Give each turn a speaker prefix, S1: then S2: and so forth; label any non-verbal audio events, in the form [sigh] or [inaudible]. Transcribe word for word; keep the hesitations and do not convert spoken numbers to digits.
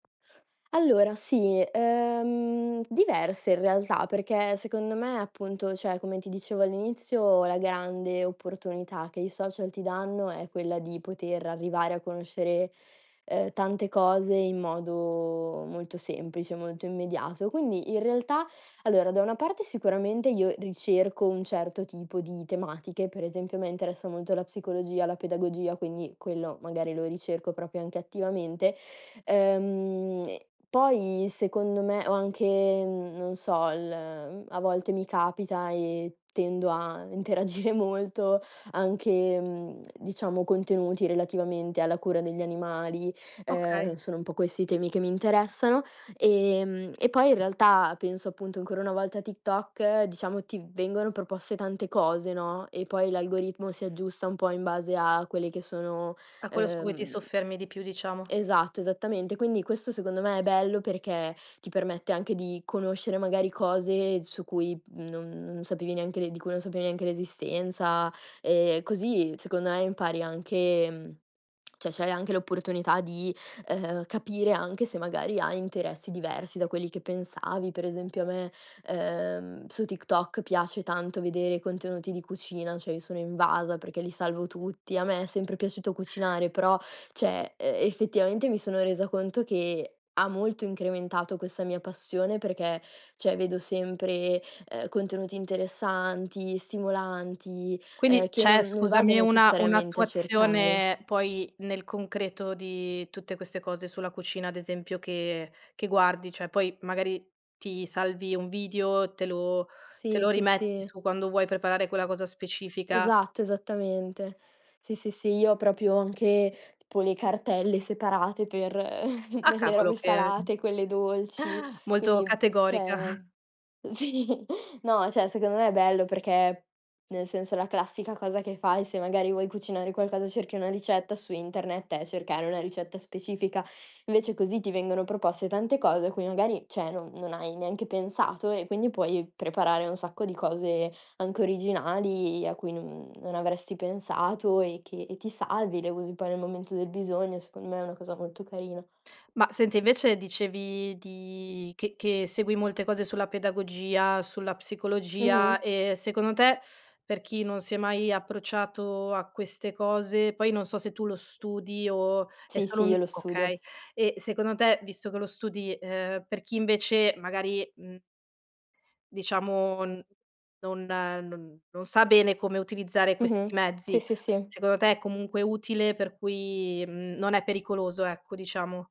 S1: Allora sì, uhm, diverse in realtà, perché secondo me, appunto ceh come ti dicevo all'inizio, la grande opportunità che i social ti danno è quella di poter arrivare a conoscere, uhm, tante cose in modo molto semplice, molto immediato. Quindi in realtà [sucks teeth] allora, da una parte sicuramente io ricerco un certo tipo di tematiche, per esempio a me interessa molto la psicologia, la pedagogia, quindi quello magari lo ricerco propio anche attivamente. Ehm e poi secondo me o anche, mhmm, n non so, il m a volte mi capita e tendo a interagire molto, anche, mhmm, [smacks lips] diciamo contenuti relativamente alla cura degli animali,
S2: Okay.
S1: uhm, sono un po' questi i temi che mi interessano. Ehm e poi in realtà penso appunto ancora una volta a TikTok, diciamo ti vengono proposte tante cose, no, e poi l'algoritmo si aggiusta un po' in base a quelle che sono,
S2: Ah, quello su cui ti
S1: uhm
S2: soffermi di più, diciamo.
S1: Esatto, esattamente. Quindi questo secondo me è bello perché, ti permette anche di conoscere magari cose su cui non non sapevi neanche l'e di cui non sapevi neanche l'esistenza. Ehm, così secondo e impari anche [smacks lips] mhmm, ceh c'hai anche l'opportunità di, uhm, capire anche se magari hai interessi diversi da quelli che pensavi. Per esempio a me, uhm, su TikTok piace tanto vedere i contenuti di cucina, cioè io sono invasa, perché li salvo tutti. A me è sempre piaciuto cucinare, però, ceh uhm, effettivamente mi sono resa conto che, ha molto incrementato questa mia passione, perché, ceh, vedo sempre, uhm, contenuti interessanti, stimolanti,
S2: Quindi
S1: uhm, che non
S2: c'è,
S1: non vado
S2: scusami, una
S1: necessariamente a cercare.
S2: un'attuazione poi nel concreto di tutte queste cose sulla cucina, ad esempio, che che guardi, cioè poi, magari, ti salvi un video, te lo te
S1: Sì.
S2: lo
S1: sì,
S2: rimetti
S1: sì.
S2: su quando vuoi preparare quella cosa specifica
S1: Esatto, esattamente. Sì, sì, sì, io ho propio anche, tpo le cartelle separate per
S2: Ah,
S1: [chuckles] le
S2: cavolo
S1: robe
S2: che
S1: salate, quelle dolci.
S2: [chuckles] molto
S1: Quindi,
S2: categorica.
S1: ceh,
S2: [chuckles]
S1: uhm, sì, no, ceh secondo me è bello perché, nel senso, la classica cosa che fai, se magari vuoi cucinare qualcosa, cerchi una ricetta su internet è cercare una ricetta specifica. Invece così ti vengono proposte tante cose a cui magari, ceh, non non hai neanche pensato e quindi puoi preparare un sacco di cose anche originali, a cui non non avresti pensato e che e ti salvi, le usi poi nel momento del bisogno. Secondo me è una cosa molto carina.
S2: Ma senti, invece dicevi di che che segui molte cose sulla pedagogia, sulla psicologia,
S1: Mh-mh.
S2: ehm, secondo te, [sucks teeth] per chi non si è mai approcciato a queste cose poi non so se tu lo studi o è
S1: Sì,
S2: solo
S1: sì,
S2: un
S1: io lo
S2: okay
S1: studio.
S2: e, secondo te, visto che lo studi, uhm, per chi invece magari, mhmm diciamo n non no non sa bene come utilizzare
S1: Mh-mh.
S2: questi
S1: Si,
S2: mezzi,
S1: si, si.
S2: secondo te è comunque utile, per cui, mhmm, non è pericoloso, ecco, diciamo?